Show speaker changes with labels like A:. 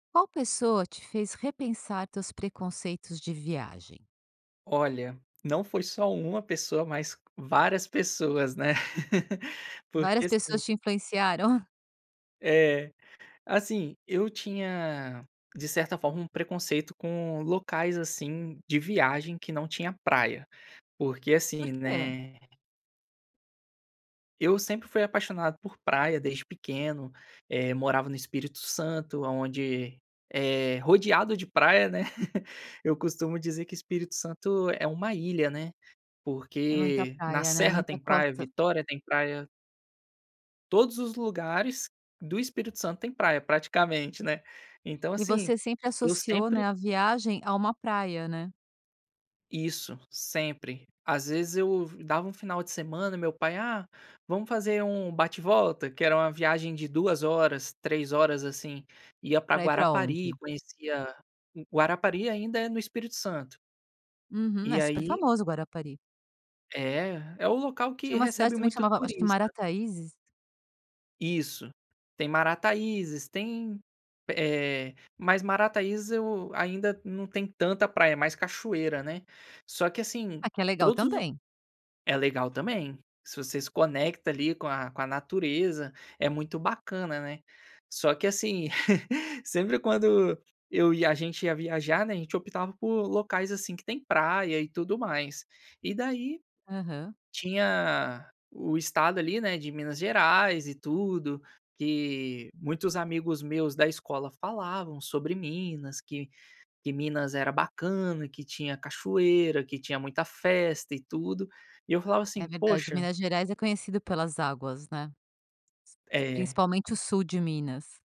A: Qual pessoa te fez repensar teus preconceitos de viagem?
B: Olha, não foi só uma pessoa, mas várias pessoas, né. Porque,
A: Várias
B: assim
A: pessoas te influenciaram?
B: É, assim, eu tinha, de certa forma, um preconceito com locais, assim, de viagem que não tinha praia, porque,
A: Por
B: assim,
A: quê?
B: né Eu sempre fui apaixonado por praia desde pequeno, eh, morava no Espírito Santo, aonde é rodeado de praia, né? Eu costumo dizer que Espírito Santo é uma ilha, né,
A: É muita
B: porque na
A: praia, né,
B: serra
A: muita
B: tem praia,
A: costa.
B: Vitória tem praia. Todos os lugares do Espírito Santo têm praia praticamente, né? Então,
A: E
B: assim,
A: você sempre
B: eu
A: associou,
B: sempre
A: né, a viagem a uma praia, né?
B: Isso, sempre. Às vezes, eu v dava um final de semana e meu pai: "Ah, vamos fazer um bate-volta", que era uma viagem de 2 horas, 3 horas, assim. Ia pra
A: Pra ir pra
B: Guarapari,
A: onde?
B: conhecia Guarapari ainda é no Espírito Santo.
A: Uhum. É
B: E
A: super
B: aí
A: famoso Guarapari.
B: É, é o local
A: Tinha
B: que
A: uma cidade
B: recebe
A: também
B: muito
A: chamava acho que
B: turista.
A: Marataízes.
B: Isso, tem Marataízes, tem eh, mas Marataízes, eu ainda não tem tanta praia, mais cachoeira, né? Só que, assim,
A: Ah, que é legal
B: todos os
A: também.
B: é legal também, se você se conecta, ali, com a com a natureza, é muito bacana, né. Só que, assim, sempre quando eu e a gente ia viajar, né, a gente optava por locais, assim, que têm praia e tudo mais. E daí,
A: Aham.
B: tinha o estado, ali, né, de Minas Gerais e tudo, que muitos amigos meus da escola falavam sobre Minas, que que Minas era bacana, que tinha cachoeira, que tinha muita festa e tudo. E eu falava
A: É
B: assim:
A: verdade.
B: "Poxa"
A: Minas Gerais é conhecida pelas águas, né?
B: É.
A: Principalmente o sul de Minas.